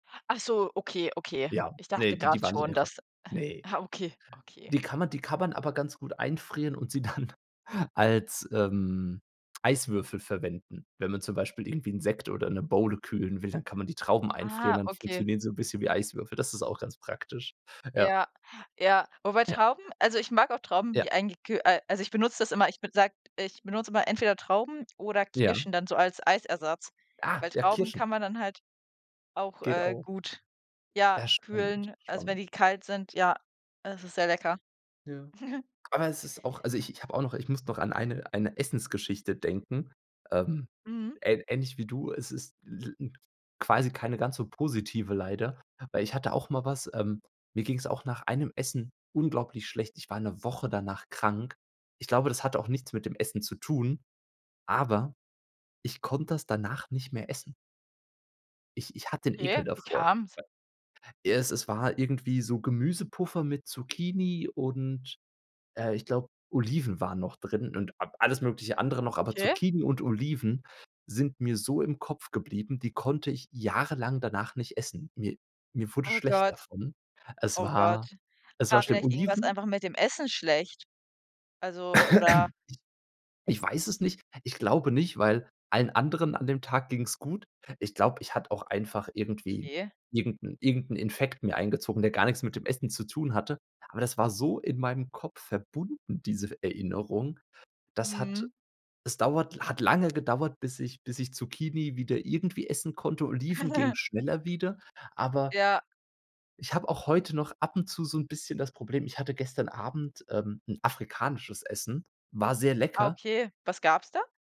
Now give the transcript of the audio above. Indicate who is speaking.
Speaker 1: Ach so, okay, okay.
Speaker 2: Ja.
Speaker 1: Ich
Speaker 2: Ne,
Speaker 1: dachte
Speaker 2: die die
Speaker 1: grad
Speaker 2: waren nicht
Speaker 1: schon,
Speaker 2: einfach,
Speaker 1: dass, äh
Speaker 2: ne.
Speaker 1: ah, okay, okay.
Speaker 2: Die kann man die kann man aber ganz gut einfrieren und sie dann als, ähm, Eiswürfel verwenden. Wenn man zum Beispiel irgendwie 'n Sekt oder 'ne Bowle kühlen will, dann kann man die Trauben einfrieren,
Speaker 1: Ah,
Speaker 2: dann
Speaker 1: okay.
Speaker 2: funktionieren sie 'n bisschen wie Eiswürfel. Das ist auch ganz praktisch. Ja.
Speaker 1: Ja, ja. Wobei
Speaker 2: Ja.
Speaker 1: Trauben also, ich mag auch Trauben,
Speaker 2: Ja.
Speaker 1: die eingeküh äh, also, ich benutze das immer. Ich bin sag ich benutze immer entweder Trauben oder
Speaker 2: Ja.
Speaker 1: Kirschen dann so als Eisersatz, weil
Speaker 2: Ah, ja,
Speaker 1: Trauben
Speaker 2: Kirschen.
Speaker 1: kann man dann halt auch,
Speaker 2: Geht
Speaker 1: äh,
Speaker 2: auch.
Speaker 1: gut, ja,
Speaker 2: Ja, spannend,
Speaker 1: kühlen, also, wenn
Speaker 2: spannend.
Speaker 1: die kalt sind. Ja, es ist sehr lecker.
Speaker 2: Ja. Aber es ist auch also, ich ich habe auch noch ich muss noch an eine eine Essensgeschichte denken, ähm,
Speaker 1: Mhm.
Speaker 2: ähn ähnlich wie du. Es ist [unintelligible] quasi keine ganz so positive leider, weil ich hatte auch mal was, ähm, mir ging's auch nach einem Essen unglaublich schlecht. Ich war 'ne Woche danach krank. Ich glaube, das hatte auch nichts mit dem Essen zu tun, aber ich konnte das danach nicht mehr essen. Ich ich hatte 'n Ekel
Speaker 1: Okay, wie
Speaker 2: davor.
Speaker 1: kam's?
Speaker 2: W ja, es es war irgendwie so Gemüsepuffer mit Zucchini und, äh, ich glaube, Oliven waren noch drin und a alles mögliche andere noch. Aber
Speaker 1: Okay.
Speaker 2: Zucchini und Oliven sind mir so im Kopf geblieben, die konnte ich jahrelang danach nicht essen. Mir mir wurde
Speaker 1: Oh
Speaker 2: schlecht
Speaker 1: Gott.
Speaker 2: davon. Es
Speaker 1: Oh Gott.
Speaker 2: war es war
Speaker 1: War
Speaker 2: schlimm.
Speaker 1: vielleicht irgendwas
Speaker 2: Oliven
Speaker 1: einfach mit dem Essen schlecht? Also, oder
Speaker 2: Ich weiß es nicht. Ich glaube nicht, weil allen anderen an dem Tag ging's gut. Ich glaube, ich hatte auch einfach irgendwie
Speaker 1: Okay.
Speaker 2: irgend 'n irgend 'n Infekt mir eingezogen, der gar nix mit dem Essen zu tun hatte. Aber das war so in meinem Kopf verbunden, diese F Erinnerung. Das hat
Speaker 1: Mhm.
Speaker 2: es dauert la hat lange gedauert, bis ich bis ich Zucchini wieder irgendwie essen konnte. Oliven ging schneller wieder, aber
Speaker 1: Ja.
Speaker 2: ich habe auch heute noch ab und zu so 'n bisschen das Problem ich hatte gestern Abend, ähm, 'n afrikanisches Essen, war sehr
Speaker 1: Ah,
Speaker 2: lecker.
Speaker 1: okay. Was gab's da?